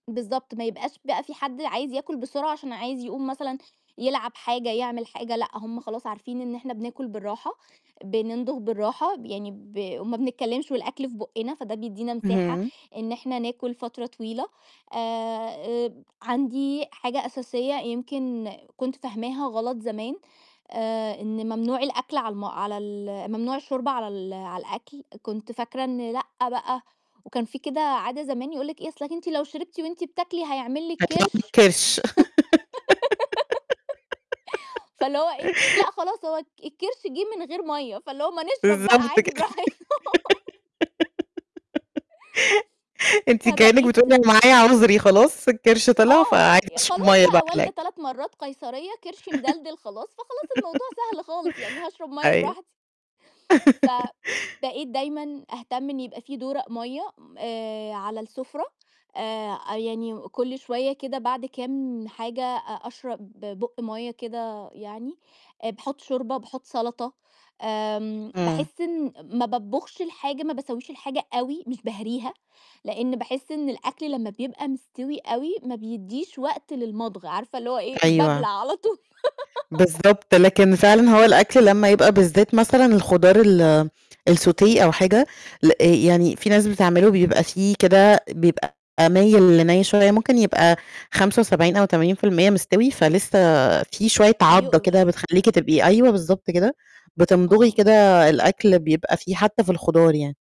بالضبط، ما يبقاش بقى فيه حد عايز ياكل بسرعة، عشان عايز يقوم مثلًا يلعب حاجة، يعمل حاجة، لأ، هم خلاص عارفين إن إحنا بناكل بالراحة، بنمضغ بالراحة، ب يعني ب وما بنتكلمش والأكل في بُقّنا، فده بيدّينا مساحة اهم. إن إحنا ناكل فترة طويلة، آآ، آآ عندي حاجة أساسية يمكن كنت فاهماها غلط زمان، آآ، إن ممنوع الأكل على الـم على ال ممنوع الشُّرب على ال على الأكل، كنت فاكرة إن لأ بقى، وكان فيه كده عادة زمان يقول لِك إيه أصلِك أنتِ لو شربتِ وأنتِ بتاكلي، هيعمل لِك هيطلع لِك كرش، كرش. فاللي هو إيه؟ لأ خلاص هو الك الكرش جِه من غير مَيّة، فاللي هو ما نشرب بقى بالضبط عادي براحتنا. كده أنتِ كأنِّك فبقيت بتقولي انا معايا عذري خلاص، الكرش طلع آه، فعايزة ي أشرب خلاص مَيّة بقى بقى على والدة الأكل 3 مرّات قيصرية، كرشي مدلدِل خلاص، فخلاص الموضوع سهل خالص، يعني هاشرب مَيّة أيوه. براحتي. فبقيت دايمًا أهتم إن يبقى فيه دورق مَيّة، آآ، على السفرة، آآ، أ يعني كُلّ شوية كده بعد كام حاجة أ أشرب بُق مَيّة كده يعني، آآ، باحُط شوربة، باحُط سلطة، آآ، امم. باحس إن ما باطبخش الحاجة، ما باسوّيش الحاجة أوي، مش باهريها، لإن باحس إن الأكل لمّا بيبقى مستوي أوي ما بيدّيش وقت للمضغ، عارفة اللي هو إيه؟ بابلع أيوه. على طول. بالضبط، لكن فعلًا هو الأكل لمّا يبقى بالذات مثلًا الخضار ال السوتيه أو حاجة، ل آآ يعني فيه ناس بتعمله بيبقى فيه كده بيبقى مايل لني شوية، ممكن يبقى 75 أو 80% مستوي، فلسه فيه شوية عضّة كده بيُقْرُش. بتخليكِ تبقي أيوه بالضبط كده، بتمضغي آه. كده الأكل بيبقى فيه حتى في الخضار يعني.